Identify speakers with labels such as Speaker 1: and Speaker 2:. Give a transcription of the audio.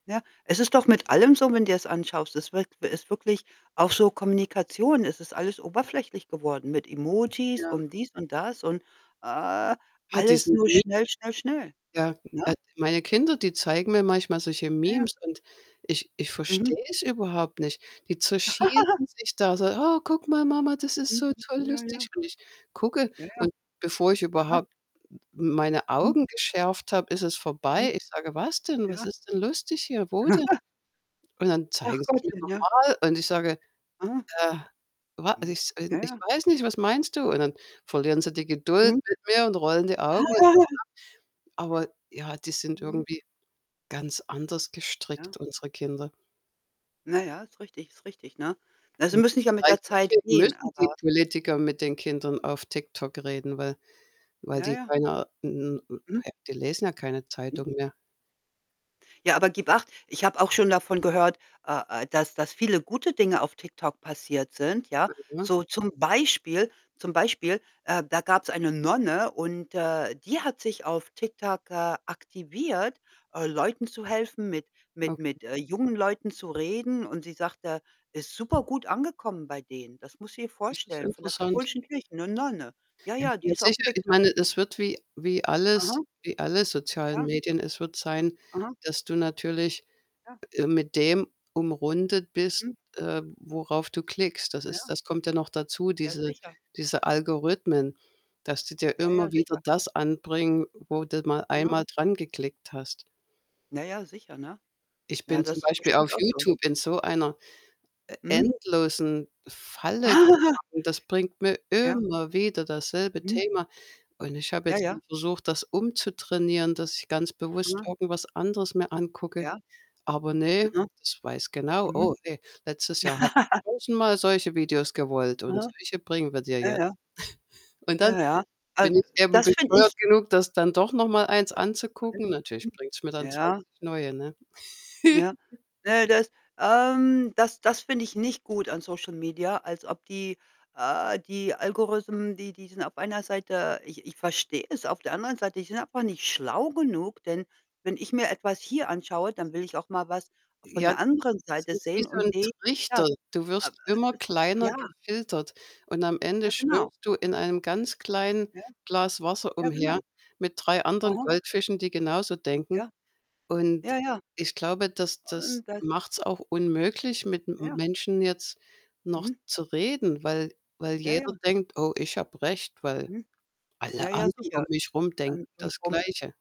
Speaker 1: Ja, es ist doch mit allem so, wenn du dir's anschaust. Es wird ist wirklich auch so Kommunikation, es ist alles oberflächlich geworden mit Emojis
Speaker 2: Ja.
Speaker 1: und dies und das und, ah
Speaker 2: Ja,
Speaker 1: alles
Speaker 2: diese
Speaker 1: nur
Speaker 2: Me
Speaker 1: schnell, schnell, schnell,
Speaker 2: Ja,
Speaker 1: ne?
Speaker 2: also, meine Kinder, die zeigen mir manchmal solche
Speaker 1: Ja, ja.
Speaker 2: Memes und ich ich
Speaker 1: Mhm.
Speaker 2: verstehe es überhaupt nicht. Die zerschießen sich da so: „Oh, guck mal, Mama, das ist so
Speaker 1: [unintelligible]
Speaker 2: toll
Speaker 1: Ja, ja.
Speaker 2: lustig." Und ich gucke
Speaker 1: Ja, ja.
Speaker 2: und bevor ich
Speaker 1: Aha.
Speaker 2: überhaupt m meine
Speaker 1: Mhm.
Speaker 2: Augen geschärft habe, ist es
Speaker 1: Mhm.
Speaker 2: vorbei. Ich sage: „Was denn? Was
Speaker 1: Ja.
Speaker 2: ist denn lustig hier? Wo denn?“ Und dann
Speaker 1: Ach
Speaker 2: zeigen sie's mir
Speaker 1: Gottchen,
Speaker 2: noch
Speaker 1: ja.
Speaker 2: mal und ich sage:
Speaker 1: Aha.
Speaker 2: „Äh, wa ich
Speaker 1: Mhm.
Speaker 2: s
Speaker 1: Ja,
Speaker 2: ich
Speaker 1: ja.
Speaker 2: weiß nicht, was meinst du?“ Und dann verlieren sie die Geduld
Speaker 1: Mhm.
Speaker 2: mit mir und rollen die Augen. [unintelligible] Aber ja, die sind
Speaker 1: Mhm.
Speaker 2: irgendwie ganz anders
Speaker 1: Ja.
Speaker 2: gestrickt, unsere Kinder.
Speaker 1: Na ja, ist richtig ist richtig, ne? Also,
Speaker 2: Und
Speaker 1: müssen nicht mal mit der
Speaker 2: vielleicht
Speaker 1: Zeit
Speaker 2: deswegen
Speaker 1: gehen,
Speaker 2: müssen die
Speaker 1: aber
Speaker 2: Politiker mit den Kindern auf TikTok reden, weil weil
Speaker 1: Ja,
Speaker 2: die
Speaker 1: ja.
Speaker 2: keine
Speaker 1: Mhm.
Speaker 2: die lesen ja keine
Speaker 1: Mhm.
Speaker 2: Zeitung mehr.
Speaker 1: Ja, aber gib acht. Ich habe auch schon davon gehört, äh, äh, dass dass viele gute Dinge auf TikTok passiert sind, ja.
Speaker 2: [unintelligible] ne?
Speaker 1: So zum Beispiel, zum Beispiel, äh, da gab's eine Nonne und, äh, die hat sich auf TikTok, äh, aktiviert, äh, Leuten zu helfen, mit mit
Speaker 2: Okay.
Speaker 1: mit, äh, jungen Leuten zu reden und sie sagte, ist super gut angekommen bei denen. Das musst du dir
Speaker 2: Das ist
Speaker 1: vorstellen, von der
Speaker 2: interessant.
Speaker 1: katholischen Kirche, 'ne Nonne. Ja,
Speaker 2: Ja,
Speaker 1: ja, die
Speaker 2: ja,
Speaker 1: ist auf
Speaker 2: sicher, ich
Speaker 1: TikTok.
Speaker 2: meine, es wird wie wie alles
Speaker 1: Aha.
Speaker 2: wie alle sozialen
Speaker 1: Ja.
Speaker 2: Medien, es wird sein,
Speaker 1: Aha.
Speaker 2: dass du natürlich,
Speaker 1: Ja.
Speaker 2: äh, mit dem umrundet bist,
Speaker 1: Mhm.
Speaker 2: äh, worauf du klickst. Das ist
Speaker 1: Ja.
Speaker 2: das kommt ja noch dazu,
Speaker 1: Ja,
Speaker 2: diese
Speaker 1: sicher.
Speaker 2: diese Algorithmen, dass die dir
Speaker 1: Ja, ja,
Speaker 2: immer wieder
Speaker 1: sicher.
Speaker 2: das anbringen, wo du mal
Speaker 1: Ja.
Speaker 2: einmal dran geklickt hast.
Speaker 1: Na ja, sicher, ne?
Speaker 2: Ich
Speaker 1: Na,
Speaker 2: bin zum
Speaker 1: das ist
Speaker 2: Beispiel auf
Speaker 1: bestimmt auch so.
Speaker 2: YouTube in so einer e
Speaker 1: Mhm.
Speaker 2: endlosen Falle geraten. Das bringt mir
Speaker 1: Ja.
Speaker 2: immer wieder dasselbe
Speaker 1: Mhm.
Speaker 2: Thema und ich habe
Speaker 1: Ja,
Speaker 2: jetzt mal
Speaker 1: ja.
Speaker 2: versucht, das umzutrainieren, dass ich ganz bewusst
Speaker 1: Aha.
Speaker 2: irgendwas anderes mir angucke.
Speaker 1: Ja.
Speaker 2: Aber ne,
Speaker 1: Aha.
Speaker 2: das weiß genau:
Speaker 1: Mhm.
Speaker 2: „Oh, ne, letztes Jahr hast du tausendmal solche Videos gewollt und
Speaker 1: Aha.
Speaker 2: solche bringen wir dir
Speaker 1: Ja,
Speaker 2: jetzt.“
Speaker 1: ja.
Speaker 2: Und dann
Speaker 1: Ja, ja. Äh,
Speaker 2: bin ich eben
Speaker 1: das finde ich
Speaker 2: bescheuert genug, das dann doch noch mal 1
Speaker 1: gar nicht
Speaker 2: anzugucken.
Speaker 1: so
Speaker 2: Natürlich
Speaker 1: schlimm.
Speaker 2: bringt's mir dann
Speaker 1: Ja.
Speaker 2: 20 neue, ne?
Speaker 1: Ja. Äh, das ähm, das das finde ich nicht gut an SocialMedia, als ob die äh, die Algorithmen, die die sind auf einer Seite ich ich verstehe es, auf der anderen Seite, die sind einfach nicht schlau genug, denn wenn ich mir etwas hier anschaue, dann will ich auch mal was von
Speaker 2: Ja,
Speaker 1: der
Speaker 2: das ist
Speaker 1: anderen
Speaker 2: das
Speaker 1: Seite
Speaker 2: ist wie
Speaker 1: sehen
Speaker 2: so 'n
Speaker 1: und die ja,
Speaker 2: Trichter. Du
Speaker 1: äh
Speaker 2: wirst immer
Speaker 1: [unintelligible]
Speaker 2: kleiner
Speaker 1: Ja.
Speaker 2: gefiltert und am Ende
Speaker 1: Ja, genau.
Speaker 2: schwimmst du in einem ganz kleinen
Speaker 1: Ja.
Speaker 2: Glas Wasser
Speaker 1: Ja,
Speaker 2: umher
Speaker 1: genau.
Speaker 2: mit 3 anderen
Speaker 1: Aha.
Speaker 2: Goldfischen, die genauso denken.
Speaker 1: Ja.
Speaker 2: Und
Speaker 1: Ja, ja.
Speaker 2: ich glaube, das das
Speaker 1: Und das
Speaker 2: macht's auch unmöglich, mit M
Speaker 1: Ja.
Speaker 2: Menschen jetzt noch
Speaker 1: Mhm.
Speaker 2: zu reden, weil weil
Speaker 1: Ja,
Speaker 2: jeder
Speaker 1: ja.
Speaker 2: denkt: „Oh, ich habe recht, weil
Speaker 1: Mhm.
Speaker 2: alle
Speaker 1: Ja, ja
Speaker 2: anderen um
Speaker 1: sicher.
Speaker 2: mich rum denken das
Speaker 1: [unintelligible]
Speaker 2: Gleiche.“